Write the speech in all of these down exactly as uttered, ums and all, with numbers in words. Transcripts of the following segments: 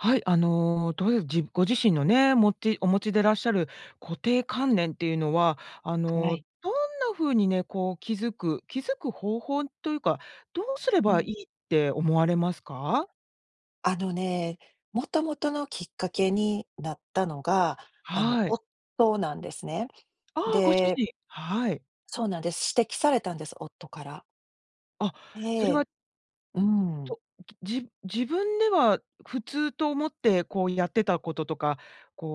はい、あの、どういう、じご自身のね、もちお持ちでいらっしゃる固定観念っていうのは、あはの、い。どんな風にね、こう気づく気づく方法というか、どうすれうばいん。いって思われますか？あのね、もともとのきっかけになったのが、あのはい。夫なんですね。ああ、ご主で人。はい。そうなんです。指摘されたんです、夫から。あ、えそれはえ、うん。と、じ自分では普通と思ってこうやってたこととか、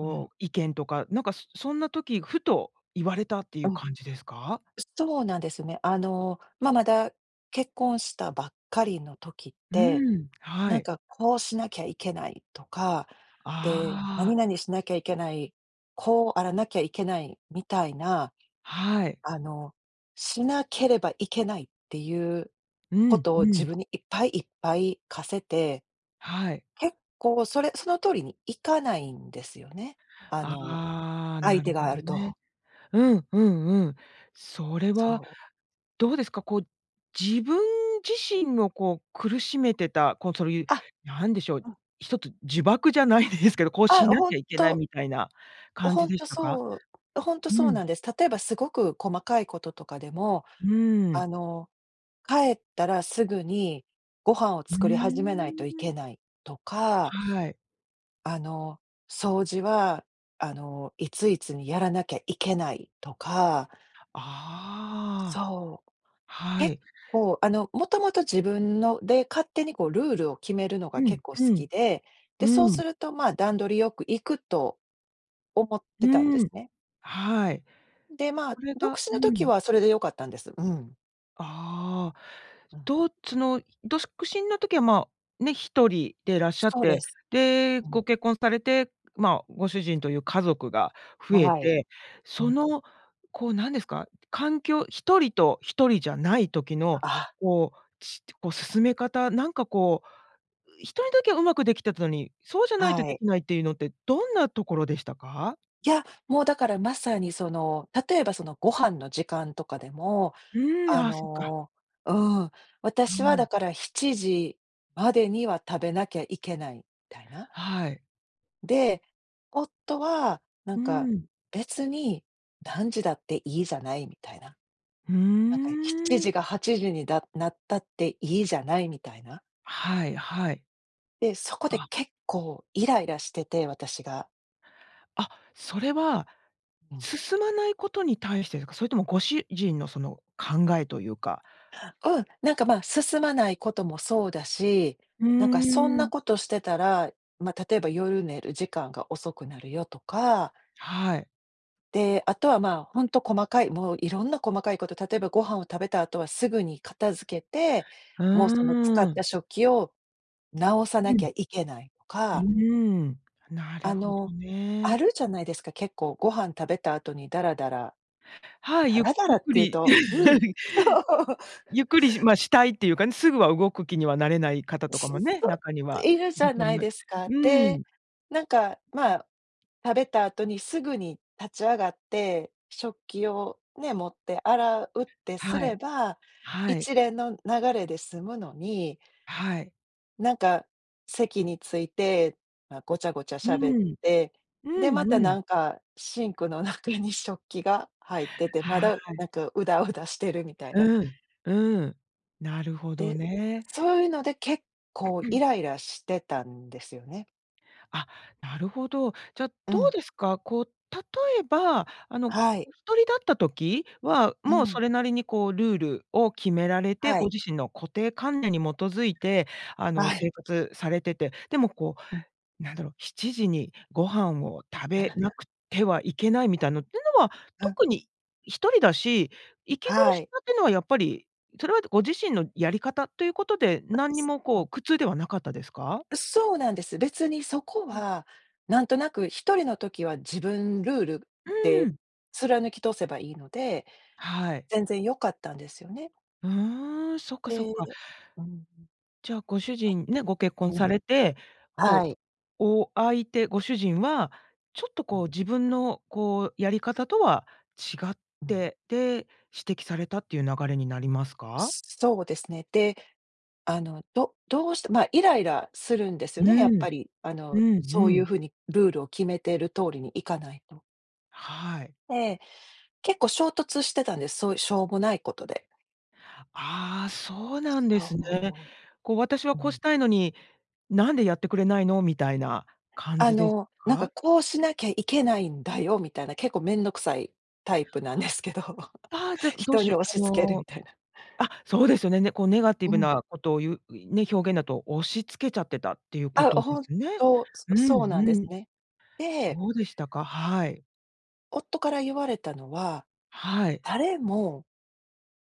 うん。う、意見とか、なんかそそんな時ふと言われたっていううん。感じですか？すそうなんですね。あの、ま、まだ結婚したばっかりの時っうて、ん、はなんい。かこうしなきゃいけないとか、で、なあにあ。なにしなきゃいけない、こうあらなきゃいけない、みたいな、はい。あのしなければいけないっていううこん、とをう自ん。分にいっぱいいっぱい課せて、はい。結構それその通りに行かないんですよね、あのああ、な相る手がほあどると。ね。うんうんうん。それはそう。どうですか、こう、自分自身をこう苦しめてた、こう、そういう、あ、何でしょう、うん。一つ呪縛じゃないですけど、こうあ、しなほきんゃいけないと。みたいな感ほじんでしとたか？そうほんとうそうん。なんです。例えばすごく細かいこととかでも、うーあん。の帰ったらすぐにご飯をう作り始めないーといん。けないとか、はい。あの掃除はあのいついつにやらなきゃいけないとか。ああ。そう。は結い。構、あのもともと自分ので、勝手にこうルールを決めるのがうん結構好うん。きで、うで、そうん。するとまあ段取りよく行くと思ってたんうですん。ね。はい。で、まあこれ独が身うの時ん。はそれでよかったんです。うん。ああ、うん。とつのどすくしんの時は、ま、ね、ひとりでいらっしゃっそうて、です。で、うん。ご結婚されて、まあ、ご主人という家族が増えはい。て、うそん。の、こうなんですか、環境、ひとりとひとりじゃない時の、あ。こう、ちとこ、進め方、なんかこう、ひとりだけはうまくできてたのに、そうじゃないとはでい。きないっていうのって、どんなところでしたか？いや、もうだからまさにその例えばそのご飯の時間とかでも、うーん、ああ、そっか。の、うん、う私はーだん。からしちじまでには食べなきゃいけない、みたいな。はい。で、夫は、なうんーか、ん。別に何時だっていいじゃないみたいな。うーなんかしちん。じかはちじにだなったっていいじゃないみたいな。はいはい。で、そこであ。結構イライラしてて、私が。あ、それはうん。進まないことに対してですか？それともご主人のその考えと言うか。うん、なんか、ま、進まないこともそうだし、うなんかそんーなん。ことしてたら、ま、例えば夜寝る時間が遅くなるよとか。はい。で、あとは、まあ、ほんと細かい、もういろんな細かいこと、例えば、ご飯を食べた後はすぐに片付けて、うもうその使ーっん。た食器を直さうなきん。ゃいけないとうかーん、なるあほどの、あね。るじゃないですか、結構、ご飯食べた後にダラダラ、はい。ダゆラダゆラっっくていうり。とうん、そ う。ゆっくり、しまあ、したいっていうかね、すぐは動く気にはなれない方とかしっもね、そ、中にはいるじゃいとないめうですか。ーで、ん。なんか、うまん。あ、食べた後にすぐに立ち上がって、食器をね、持って洗うってすはれい。ば、はい。一連の流れで済むのに。はい。なんか席に着いて、ま、ごちゃごちゃう喋っん。て、うで、また、ん、うなん。んか、シンクの中に食器が入ってて、まはだ、い。なんか、うだうだしてるみたいな。うん、うん。なるほどで、ね。そういうので結構イ ライラしてたんですよね。あ、なるほど。じゃ、うどうん。ですか？こう、例えば、あの、はい。お一人だった時は、うもうそん。れなりに、こう、ルールを決められて、はごい。自身の固定観念に基づいて、あの、はい。生活されてて、でもこうん。う、なんだろう、しちじにご飯を食べな くてはいけないみたいのってのは、うん。特に、一人だし、息苦はしい。さってのはやっぱり、それはご自身のやり方ということで、お何にす、もこう [unintelligible] 苦痛ではなかったですか？う、そうなんです。別にそこうん。は、なんとなく一人の時は、自分ルールうーでん。貫き通せばいいので、はい。全然良かったんですよね。うーん、そっか、そえっえ、か。うーん。じゃあ、ご主人、ね、ご結え、婚うさん。れて、はこう、い。お相手、ご主人は、ちょっとうこん。う、自分のこうやり方とは違っうん。て、で、指摘されたっていう流れになりますか？そうですね。で、あの、どどうしてまあ、イライラするんですうよね、やっーん。ぱり。あうの、ん、そうういうん。風にルールを決めてる通りにいかないと。はい。え、結構衝突してたんです。そうしょうもないことで。ああ、そうなんでそすね。う、こう私はうん。こううん。したいのに、なんでやってくれないの？みたいな感あじですの、なんかか？こうしなきゃいけないんだよみたいな、結構面倒くさいタイプなんですけど、ああ、じゃ、どう人しによ押う、あし付けるみのたいな。あ、そうですよね。ね。こうネガティうブん。なことを言う、ね、表現だと押し付けちゃってたっていうこあ、とでほんすね。と、うそんうそうなんですん。ね。でどうでしたか？はい。夫から言われたのははい。「誰も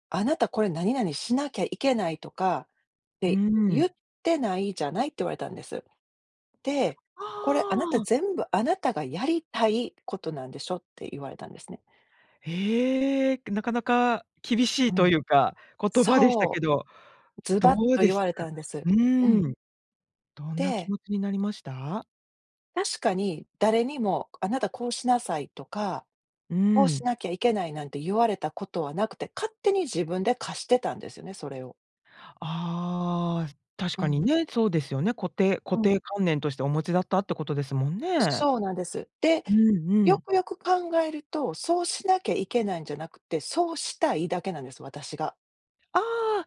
『あなた、これ何々しなきゃいけない』とかっうーて言っん。てないじゃない」って言われたんです。で、あ「これ、あなた、あ。全部あなたがやりたいことなんでしょ」って言われたんですね。へえ、なかなか厳しういといん。うか、言葉でしたけそど、う、ズどバッうとで言しわたれか？たんです。ううん。ーん。どんな気で持ちになりました？確かに、誰にも「あなたこうしなさい」とかうー「こうしん。なきゃいけない」なんて言われたことはなくて、勝手に自分で課してたんですよね、それを。ああ、確うかにん。ね、そうですよね。固定う固ん。定観念としてお持ちだったってことですもんね。そうなんです。で、うんうよん。くよく考えると、そうしなきゃいけないんじゃなくて、そうしたいだけなんです、私が。ああ。ん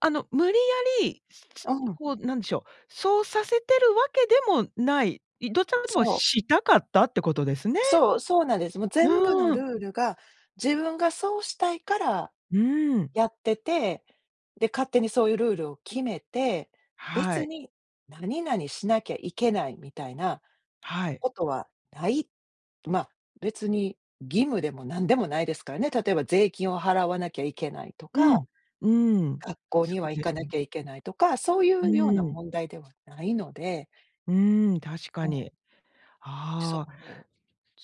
あの、無理やり、つつうん。こうなんでしょう、そうさせてるわけでもない。いどちらかでも、そう。したかったってことですね。そうそうなんです。もう全部のうルん。ールが、自分がそうしたいから、うーん。やってて、で、勝手にそういうルールを決めて、は別い。に何々しなきゃいけない、みたいなはい。ことはない。ま、別に義務でも何でもないですからね。例えば、税金を払わなきゃいけないとうか、ん。うーん。学校そにはう行でかす。なきゃいけないとか、そういううようーなん。問題ではないので。うーん、確うかん。に。そああ。う。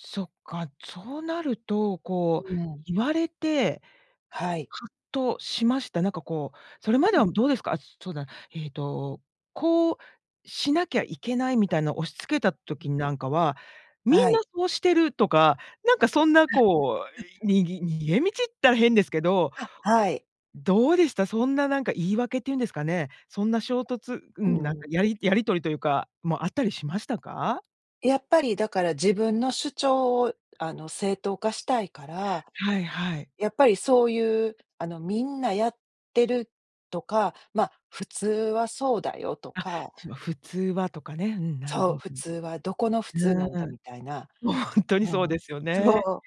そっか、そうなると、うこうん。言われて、はい。はっとしました。なんかこう、それまうでん。は、どうですか。あ、そうだ、えっと、こうしなきゃいけないみたいの押し付けたう時ん。になんかは、みはんない。そうしてるとか、なんかそんなこう、にぎ逃げ道ったら変ですけど、あ、はい。どうでした。そんななんか、言い訳って言うんですかね。そんな衝突うーうん。なんん。かやりやり取りというか、もあったりしましたか？やっぱりだから自分の主張をあの正当化したいから、はいはい。やっぱりそういう、あのみんなやってるとか、ま、普通はそうだよとあ、か。つま普通はとかね、うん、なるそほ…う、う普ん。通はどこの普通うなんだみたいな、ん、本当にうそうん、ですよそね、う、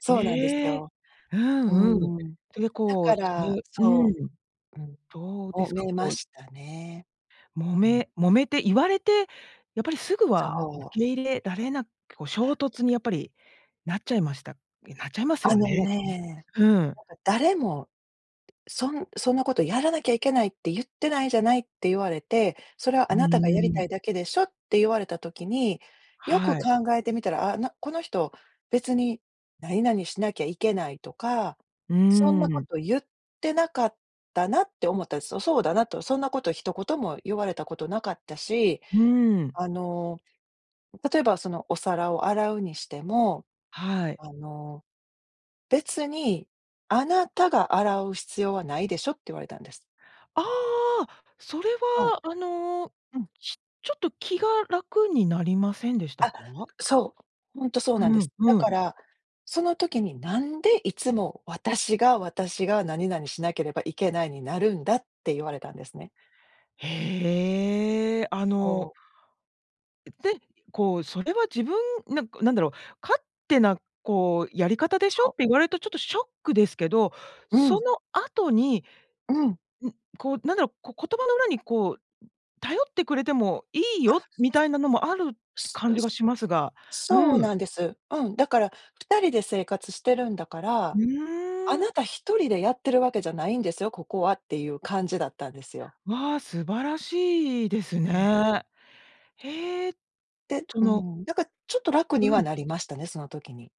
そうなんですええ、よ。ううんうん、ん、それで、だこう、かすらる、うそん、う、うどうでん、揉すか、めまこうしたね、揉うん。め揉めて言われて、やっぱりすぐはそ受う。け入れられなく、こう衝突にやっぱり、なっちゃいましたん、なっちゃいますよあのね、ね、うん。なんか「誰も、そんそんなことやらなきゃいけないって言ってないじゃない」って言われて、「それはうあなたがーやりたん。いだけでしょ」って言われた時に、よくはい。考えてみたら、あ、なこの人、別になになにしなきゃいけないとか、うそんーなこん。と言ってなかったなって思ったんです。そそうだなと、そんなこと一言も言われたことなかったし、うーん。あの、例えばそのお皿を洗うにしても、はい。あの「別に、あなたが洗う必要はないでしょ」って言われたんです。ああ、それそう。は、あの、うん。ちちょっと気が楽になりませんでしたあ、か？そう、ほんとそうなんでうん、す、だうかん。ら、その時に「なんでいつも、私が私が何々しなければいけないになるんだ」って言われたんですね。へえ、あそのう。で、こう、それは自分、ななんだろう、勝手なこうやり方でしょそっう。て言われるとちょっとショックですけど、うそん。の後に、うん。うこう、なんだろう、こう言葉の裏にこう、頼ってくれてもいいあ。よ、みたいなのもあるってす感う、じがすしますが、そうそううん。なんです。うん、だから、ふたりで生活してるんだかうら、あーん。なたひとりでやってるわけじゃないんですよ、ここはっていう感じだったんですよ。わあ、素晴らしいですうん。ね、へえ、でそうーのん、だからちょっと楽にうはん。なりましたね、その時に。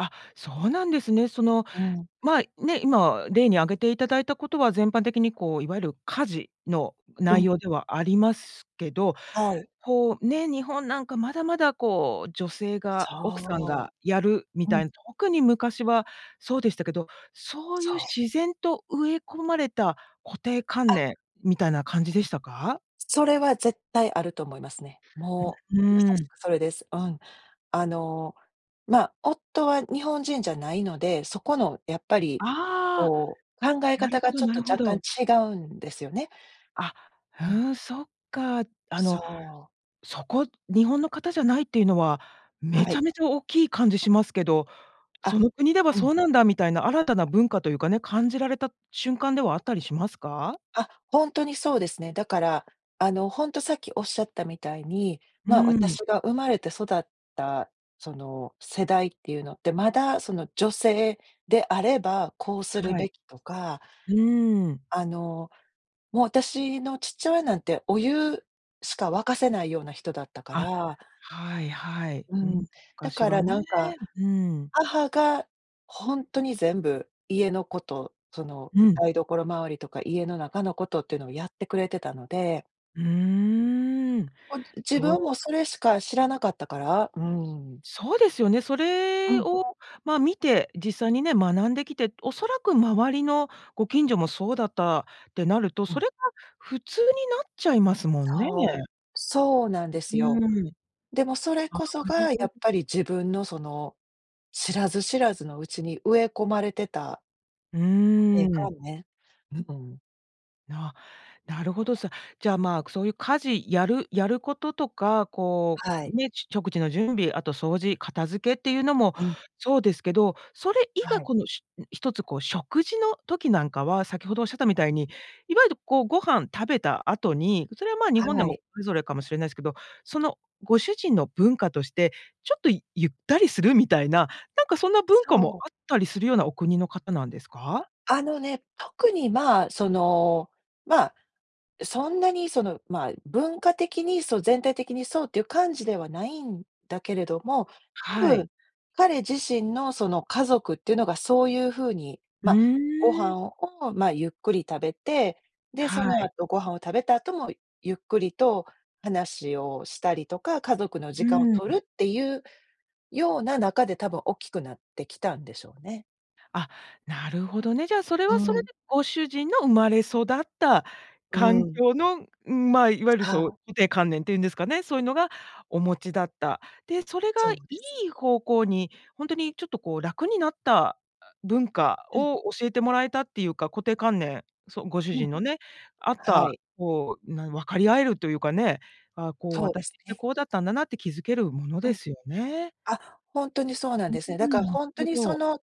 あ、そうなんですね。その、うん。まあ、ね、今例に挙げていただいたことは、全般的にこう、いわゆる家事のう内ん。容ではありますけど、はい。こう、ね、日本、なんか、まだまだ、こう、女性が奥さんそがやるみう。うたん。いな、特に昔はそうでしたけど、そういうそう。自然と植え込まれた固定観あ。念みたいな感じでしたか？それは絶対あると思いますね。うもうまん、さうーしん。くそれです。うん。あの、ま、夫は日本人じゃないので、そこのやっぱり、あこう、考えあ、な方るほがどちょっなとるほ若ど。干違うんですよね。あ、うーうん。ん、そっか。あそのう。そこ、日本の方じゃないっていうのは、めはちい。ゃめちゃ大きい感じしますけど、あ、その国ではうそん。うなんだみたいな新たな文化というかね、感じられた瞬間ではあったりしますか？あ、本当にそうですね。だから、あのほんとさっきおっしゃったみたいに、うま、ー私ん。が生まれて育った、その世代っていうのって、まだその女性であれば、こうするはべい。きとか。うーん。あの、もう、私の父親なんて、お湯しか沸かせないような人だったかあ、ら。はいはい。ううん、ん、だ昔かはらね、なんか、うん。母が本当に全部家のこと、そのうん。台所周りとか家の中のことっていうのをやってくれてたので。うーん、ほん、自分そう。も、それしか知らなかったから。うん。そうですよね。そうれん。をまあ、見て、実際にね、学んできて、おそらく、周りのご近所も、そうだったってなると、うそん。れが、普通になっちゃいますもんね。そう。そうなんですう、うよ。ーん。でも、それこそあ、なるが、やほど。っぱり、自分の、その、知らず知らずのうちに、植え込まれてたう固定ーん。観念。うん。な、なるほどす。じゃあ、まあ、くそういう家事、やるやることとか、こはい。う、ね、食事の準備、あと掃除、片付けっていうのも、うん。そうですけど。それ以外、はい。この、しゅん、ひとつ、こう、食事の時なんかは、先ほど仰ったみたいに、いわゆる、こう、ご飯食べた後に、それは、まあ、日本ではも、い。それぞれかもしれないすけど、その、ご主人の文化として、ちょっとゆったりする、みたいな。なんか、そんな文化も、そう。あったりするような、お国の方なんですか？あのね、特にまあ、その、まあ、そんなに、その、まあ、文化的に、そう、全体的にそうっていう感じでは、ないんだけれども、多はい。分、彼自身の、その、家族ってのが、そういうふうに、うまあ、ごーん。飯を、まあ、ゆっくり食べて、で、はそのい。後、ご飯を食べた後も、ゆっくりと話をしたりとか、家族の時間をうん。取るってゆうような中で、多分、大きくなってきたんでしょうね。あ、なるほどね、じゃあそれうはそれん。でご主人の生まれ育ったう環ん。境の、うん、まあ、いわゆるはそう、あ。固定観念っていうんですかね、そういうのが、お持ちだった。で、それがそいうです。い方向に、本当にちょっとこう楽になった、あ、文化うん。を教えてもらえたっていうか、固定観念、そ、ご主うん。人のね、あっはた、い。こう、なん分かり合えるというかね、ああ、こうそうで私っすてね。こうだったんだなって気づけるものうでん。すよね。あ、本当にそうなんうですね。だかん、らなる本当ほにそど。の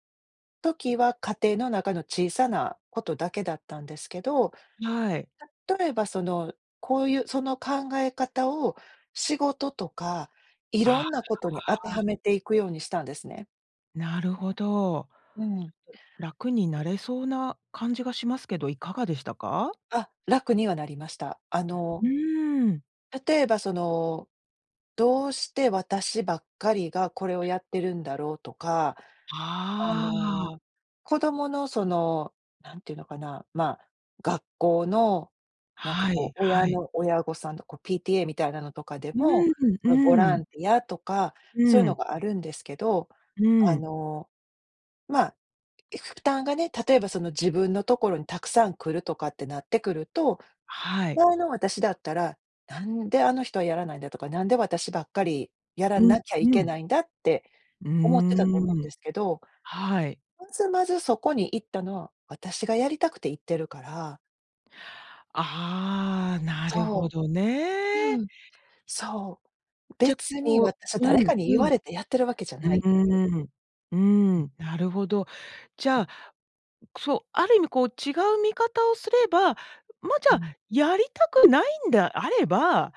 時は家庭の中の小さなことだけだったんですけど、はい。例えばそのこういう、その考え方を、仕事とか、いあ、ろあんなことに当てはあ。めていくようにしたんですね。なるほど。ちょっとうん。楽になれそうな感じがしますけど、いかがでしたか？あ、楽にはなりました。あのうーん。例えばその、どうして私ばっかりがこれをやってるんだろうとか、あああ。の、子供の、そのなんていうのかな、ま、学校の、なんかはい、こう、は親い。の親御さんとこ PTA みたいなのとかでうも、ん、そのボラうん。ンティアとか、うそうーいうのん。があるんですけど、うーあん。の、ま、負担がね、例えばその自分のところにたくさん来るとかってなってくると、はい。前の私だったら、なんであの人はやらないんだとか、なんで私ばっかりやらうん、なきゃいふけん。ないんだってう―思ってたと思うんん。ですけど、はい。まずまずそこに行ったのは、私がやりたくて行ってるから。ああ、なるそほどう。うね。ん、そう。じゃ、別にこ私はうう誰ん、かに言うん。わうれてやってるわけじゃないっていう。ーん。うーん。なるほど。じゃあ、そう、ある意味こう違う見方をすれば、ま、じうゃあ、ん。やりたくないんであれば、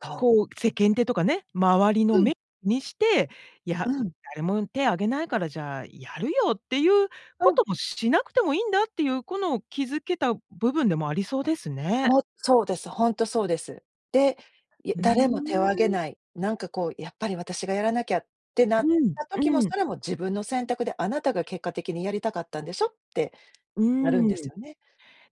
そう。こう、世間体とかね、周りのうん。目、にして、いうや、ん。誰も手挙げないからじゃあやるよ、ってゆううこん。ともしなくてもいいんだっていう、この、気づけた部分でもありそうですね。も、そうです。ほんとそうです。で、いうー誰も手を挙げん。ない、なんかこうやっぱり私がやらなきゃってなうっん、た時も、うん。それも自分の選択で、あなたが結果的にやりたかったんでしょ？ってうなるんでーすん。よね。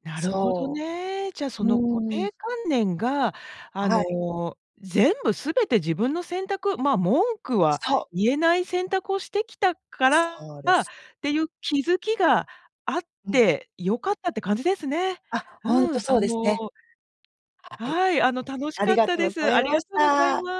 なるほどそね。じゃあう。うその、固ーん。定観念が、あはい。の、全部全て自分の選択、ま、文句はそう。言えない、選択をしてきたからそうでっす。ていう気づきがあっうん。て良かったって感じですね。あ、ほんうとん、あそうですのね。はい。はい。あの、楽しあかりっがたとうでござす。あいりまがしとうございた。ま